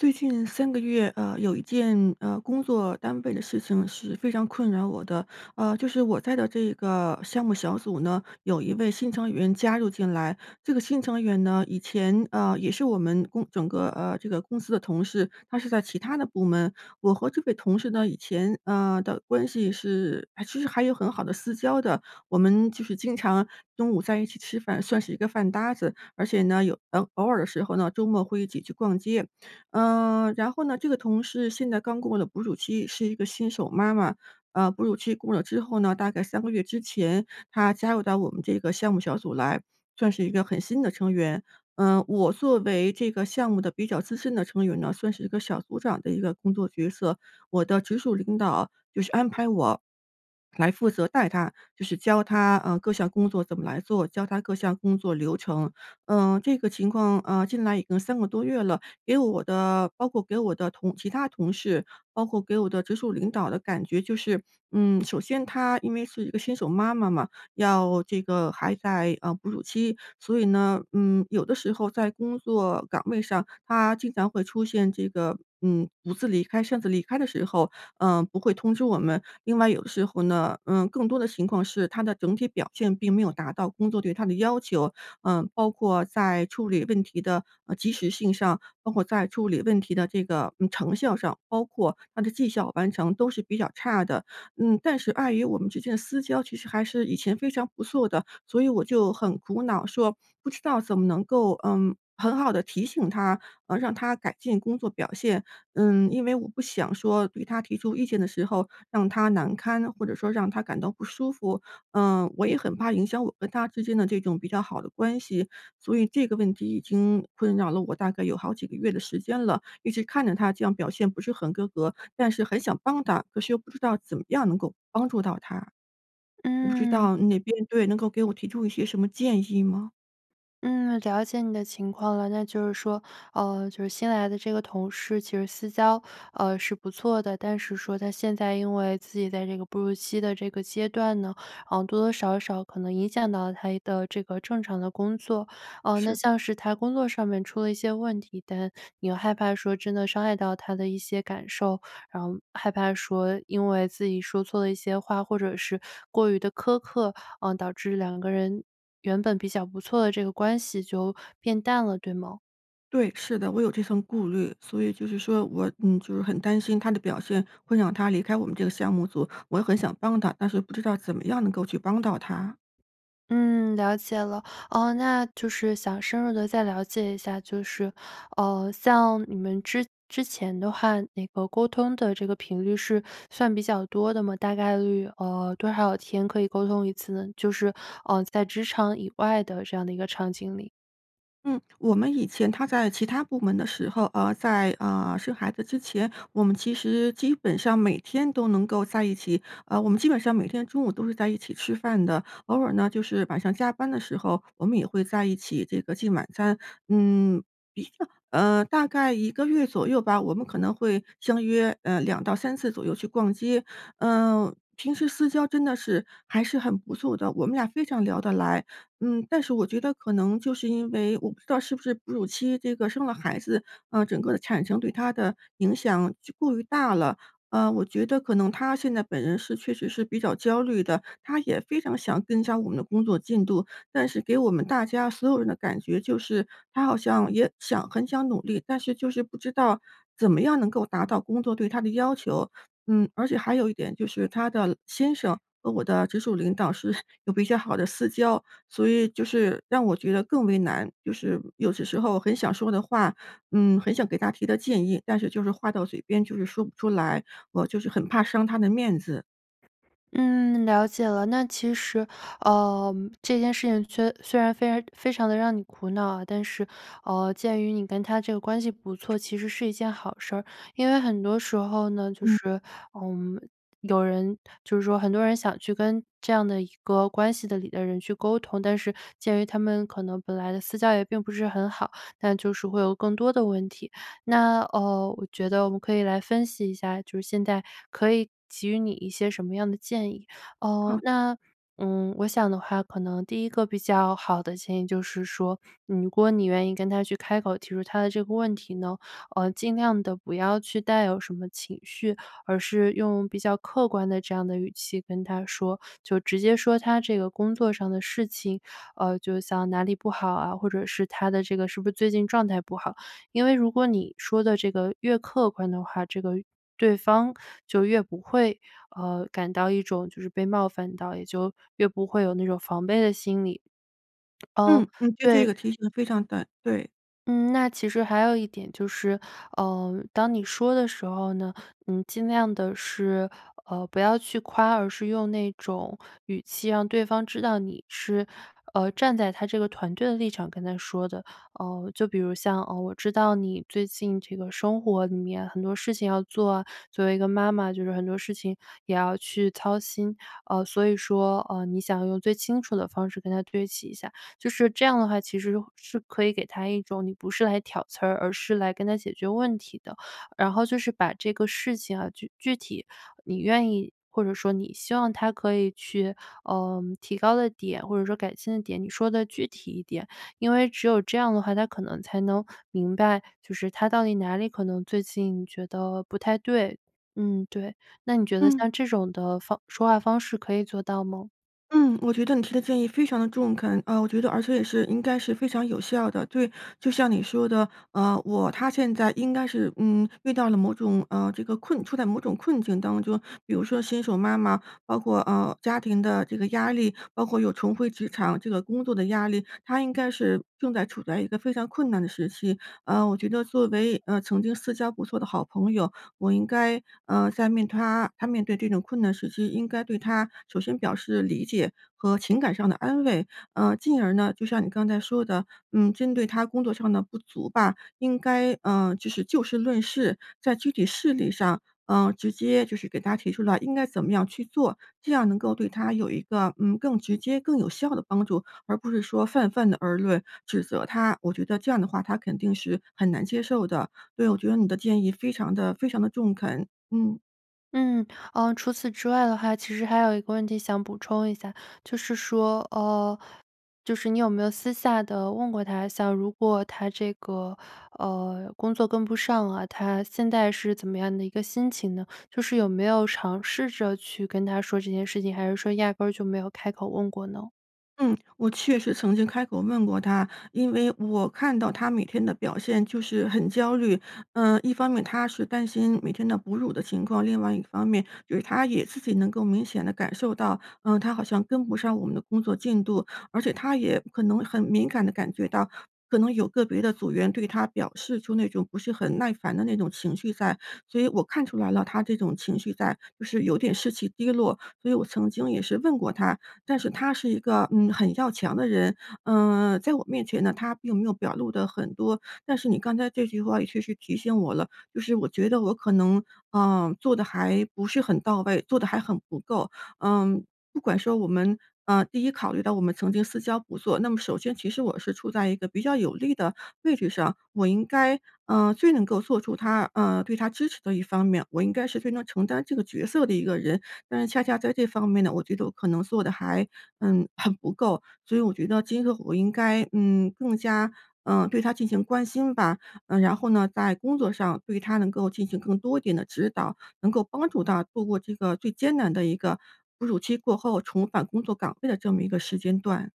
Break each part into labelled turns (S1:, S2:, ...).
S1: 最近3个月，呃，有一件，呃，工作单位的事情是非常困扰我的。呃，就是我在的这个项目小组呢，有一位新成员加入进来。这个新成员呢，以前，呃，也是我们共整个呃，这个公司的同事，她是在其他的部门。我和这位同事呢以前，呃的关系是其实还有很好的私交的。我们就是经常中午在一起吃饭，算是一个饭搭子，而且呢，有偶尔的时候呢，周末会一起去逛街。呃，然后呢，这个同事现在刚过了哺乳期，是一个新手妈妈。呃，哺乳期过了之后呢，大概3个月之前她加入到我们这个项目小组来，算是一个很新的成员。呃，我作为这个项目的比较资深的成员呢，算是一个小组长的一个工作角色。我的直属领导就是安排我 来负责带她，就是教她，呃，各项工作怎么来做，教她各项工作流程。呃，这个情况呃，进来已经3个多月了，给我的包括给我的同其他同事，包括给我的直属领导的感觉就是嗯，首先她因为是一个新手妈妈嘛，要这个还在，呃，哺乳期，所以呢，嗯，有的时候在工作岗位上，她经常会出现这个，嗯，独自离开、擅自离开的时候，呃，不会通知我们。另外有的时候呢，呃，更多的情况是她的整体表现并没有达到工作对她的要求。呃，包括在处理问题的，呃，及时性上，包括在处理问题的这个，嗯，成效上，包括她的绩效完成都是比较差的。嗯，但是碍于我们之间的私交其实还是以前非常不错的，所以我就很苦恼说，不知道怎么能够，嗯，很好地提醒她，呃，让她改进工作表现。嗯，因为我不想说对她提出意见的时候让她难堪，或者说让她感到不舒服。嗯，我也很怕影响我跟她之间的这种比较好的关系。所以这个问题已经困扰了我大概有好几个月的时间了，一直看着她这样表现不是很合格，但是很想帮她，可是又不知道怎么样能够帮助到她。我不知
S2: 嗯。
S1: 道你那边对，能够给我提出一些什么建议吗？
S2: 嗯，了解你的情况了。那就是说，哦，就是新来的这个同事其实私交，呃，是不错的，但是说她现在因为自己在这个哺乳期的这个阶段呢，呃，多多少少可能影响到她一的这个正常的工作。呃，那
S1: 是。
S2: 像是她工作上面出了一些问题，但又害怕说真的伤害到她的一些感受，然后害怕说因为自己说错了一些话，或者是过于地苛刻，嗯，导致2个人原本比较不错的这个关系，就变淡了，对吗？
S1: 对，是的，我有这份顾虑。所以就是说我嗯，就是很担心她的表现会让她离开我们这个项目组，我又很想帮她，但是不知道怎么样能够去帮到她？
S2: 嗯，了解了。呃，那就是想深入地再了解一下就是，呃，像你们之之前的话，那个沟通的这个频率是算比较多的吗？大概率，呃，多少天可以沟通一次呢？就是，呃，在职场以外的这样的一个场景里。
S1: 嗯，我们以前她在其他部门的时候呃，在，呃，生孩子之前，我们其实基本上每天都能够在一起呃，我们基本上每天中午都是在一起吃饭的。偶尔呢就是晚上加班的时候，我们也会在一起这个进晚餐。嗯，一个呃，大概1个月左右吧，我们可能会相约，呃，2-3次左右去逛街。啊，平时私交真的是还是很不错的，我们俩非常聊得来。嗯，但是我觉得可能就是因为我不知道是不是哺乳期这个生了孩子，啊，整个的产生对她的影响就过于大了。呃，我觉得可能她现在本人是确实是比较焦虑的。她也非常想增加我们的工作进度，但是给我们大家所有人的感觉就是，她好像也想很想努力，但是就是不知道怎么样能够达到工作对她的要求。嗯，而且还有一点就是她的老先生和我的直属领导是 有比较好的私交。所以就是，让我觉得更为难，就是有些时候很想说的话，嗯，很想给她提的建议，但是就是话到嘴边就是说不出来，我就是很怕伤她的面子。
S2: 嗯，了解了。那其实，呃，这件事情虽虽然非常非常地让你苦恼啊，但是，嗯，鉴于你跟他这个关系不错，其实是一件好事儿。因为很多时候呢，就
S1: 嗯。
S2: 是，嗯，有人就是说很多人想去跟这样的一个关系里的人去沟通，但是鉴于他们可能本来的私交也并不不是很好，但就是会有更多的问题。那，嗯，我觉得我们可以来分析一下现在可以给予你一些什么样的建议。嗯，
S1: 好。
S2: 那，嗯，我想的话可能第一个比较好的建议就是说，如果你愿意跟他去开口提出他的这个问题呢，呃，尽量地不要去带有什么情绪，而是用比较客观的这样的语气跟他说，就直接说他这个工作上的事情，呃，就像哪里不好啊，或者是他的这个是不是最近状态不好。因为如果你说的这个越客观的话，这个越对方就越不会，嗯，感到一种就是被冒犯到，也就越不会有那种防备的心理。嗯，
S1: 嗯，嗯，对，这
S2: 对
S1: 个提醒得非常对，对。
S2: 嗯，那其实还有一点就是，呃，当你说的时候呢你尽量地是，呃，不要去夸，而是用那种语气让对方知道你是，呃，站在她这个团队的立场跟她说的。呃，就比如像，呃，我知道你最近这个生活里面很多事情要做啊，作为一个妈妈就是很多事情也要去操心，呃，所以说，呃，你想用最清楚的方式跟她对齐一下。就是这样的话，其实是是可以给她一种你不是来挑刺儿，而是来跟她解决问题的。然后就是把这个事情啊，具具体你愿意或者说你希望她可以去，呃，提高的点，或者说改进的点，你说得具体一点。因为只有这样的话，她可能才能明白，就是她到底哪里可能最近觉得不太对。嗯，对。那你觉得
S1: 嗯。
S2: 像这种的方说话方式可以做到吗？
S1: 嗯，我觉得你提的建议非常地中肯。呃，我觉得而且也是应该是非常有效的，对。就像你说的，呃，我他现在应该是，嗯，遇到了某种，呃，这个困处在某种困境当中。比如说新手妈妈，包括，呃，家庭的这个压力，包括又重回职场这个工作的压力。她应该是正在处在一个非常困难的时期。呃，我觉得作为，呃，曾经私交不错的好朋友，我应该，呃，在面她她面对这种困难时期应该对她首先表示理解和情感上的安慰，呃，进而呢，就像你刚才说的，嗯，针对她工作上的不足吧，应该，呃，就是就事论事，在具体事例上，呃，直接就是给她提出了应该怎么样去做，这样能够对她有一个，嗯，更直接、更有效的帮助。而不是说泛泛地而论，指责她。我觉得这样的话她肯定是很难接受的，所以我觉得你的建议非常地非常地中肯，嗯。
S2: 嗯，呃，除此之外的话，其实还有一个问题想补充一下。就是说，呃，就是你有没有私下地问过她？像如果她这个，呃，工作跟不上啊，她现在是怎么样的一个心情呢？就是有没有尝试着去跟她说这件事情，还是说压根儿就没有开口问过呢？
S1: 嗯，我确实曾经开口问过她，因为我看到她每天的表现就是很焦虑。呃，一方面她是担心每天的哺乳的情况，另外一方面就是她也自己能够明显地感受到，呃，她好像跟不上我们的工作进度。而且她也可能很敏感地感觉到，可能有个别的组员对她表示出那种不是很耐烦的那种情绪在。所以我看出来了，她这种情绪在，就是有点士气低落，所以我曾经也是问过她。但是她是一个，嗯，很要强的人，嗯，在我面前呢，她并没有表露得很多。但是你刚才这句话也确实提醒我了，就是我觉得我可能，呃，做得还不是很到位，做得还很不够。嗯，不管说我们，呃，第一考虑到我们曾经私交不错，那么首先其实我是处在一个比较有利的位置上，我应该，呃，最能够做出她，呃对她支持的一方面，我应该是非常承担这个角色的一个人。但是恰恰在这方面呢，我觉得我可能做得还，嗯，很不够。所以我觉得今后我应该，嗯，更加，呃，对她进行关心吧。呃，然后呢，在工作上对她能够进行更多一点的指导，能够帮助她度过这个最艰难的一个，哺乳期过后重返工作岗位的这么一个时间段。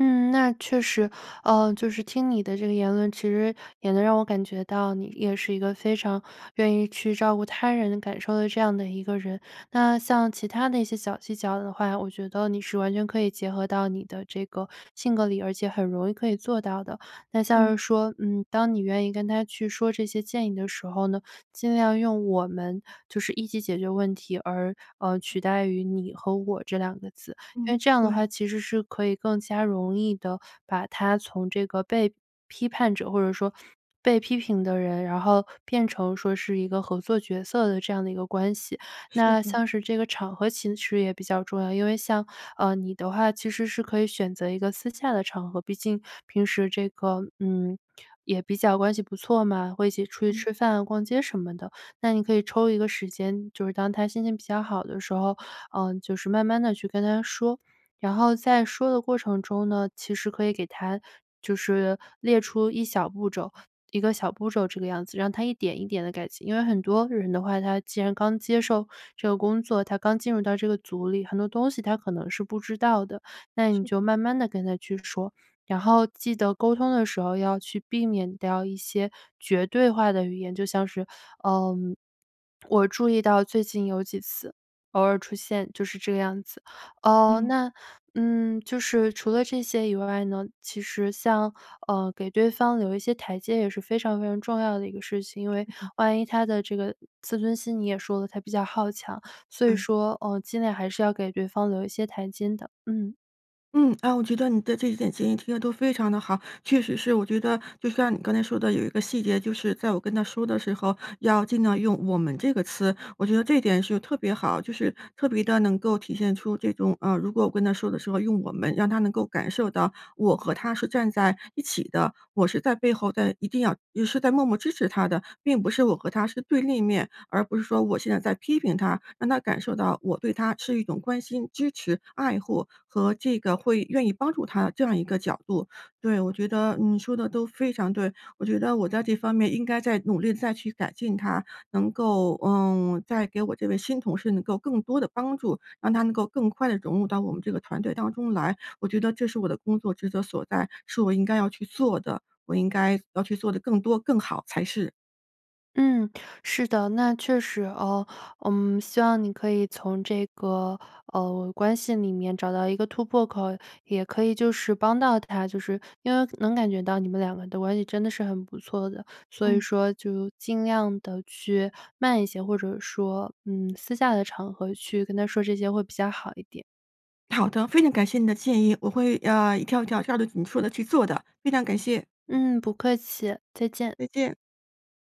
S2: 嗯，那确实。呃，就是听你的这个言论，其实也能让我感觉到你也是一个非常愿意去照顾她人感受的这样的一个人。那像其他的一些小技巧的话，我觉得你是完全可以结合到你的这个性格里，而且很容易可以做到的。那像是
S1: 嗯。
S2: 说，嗯，当你愿意跟她去说这些建议的时候呢，尽量用“我们”就是一起解决问题，而，呃，取代于“你”和“我”这2个字。因
S1: 嗯，
S2: 为这样的
S1: 对。
S2: 话其实是可以更加容易地把她从这个被批判者，或者说被批评的人，然后变成说是一个合作角色的这样的一个关系。
S1: 是
S2: 那
S1: 的。
S2: 像是这个场合其实也比较重要，因为像，呃，你的话，其实是可以选择一个私下的场合。毕竟，平时这个嗯，也比较关系不错嘛，会一起出去
S1: 嗯。
S2: 吃饭、逛街什么的。那你可以抽一个时间，就是当她心情比较好的时候，呃，就是慢慢地去跟她说。然后在说的过程中呢，其实可以给她就是列出一小步骤一个小步骤这个样子，让她一点一点地改进。因为很多人的话，她既然刚接受这个工作，她刚进入到这个组里，很多东西她可能是不知道的，那你
S1: 是
S2: 就
S1: 的。
S2: 慢慢地跟她去说。然后记得沟通的时候要去避免掉一些绝对化的语言，就像是，呃“我注意到最近有几次”，“偶尔出现”就是这个样子。呃，
S1: 嗯。
S2: 那嗯，就是除了这些以外呢，其实像，呃，给对方留一些台阶也是非常非常重要的一个事情。因为
S1: 嗯嗯。
S2: 万一她的这个自尊心你也说了她比较好强，所以
S1: 对。
S2: 说呃尽量还是要给对方留一些台阶的。嗯。
S1: 嗯。啊，我觉得你的这几点建议提得都非常地好。确实是我觉得就像你刚才说的有一个细节就是在我跟她说的时候，要尽量用“我们”这个词。我觉得这点是特别好，就是特别地能够体现出这种，呃，如果我跟她说的时候，用“我们”让她能够感受到我和她是站在一起的，我是在背后在一定要是在默默支持她的，并不是我和她是对立面，而不是说我现在在批评她，让她感受到我对她是一种关心、支持、爱护和这个会愿意帮助她，这样一个角度。对，我觉得你说得都非常对。我觉得我在这方面应该再努力再去改进它，能够，嗯，再给我这位新同事能够更多的帮助，让她能够更快地融入到我们这个团队当中来。我觉得这是我的工作职责所在，是我应该要去做的，我应该要去做得更多，更好才是。
S2: 嗯，是的，那确实哦。嗯，希望你可以从这个，呃，关系里面找到一个突破口，也可以就是帮到他就是因为能感觉到你们两个的关系真的是很不错的，所以
S1: 嗯。
S2: 说就尽量地去慢一些，或者说，嗯，私下的场合去跟他说这些会比较好一点。
S1: 好的，非常感谢你的建议。我会，呃，一条一条去按照你说的去做的，非常感谢。
S2: 嗯，不客气，再见。
S1: 再见。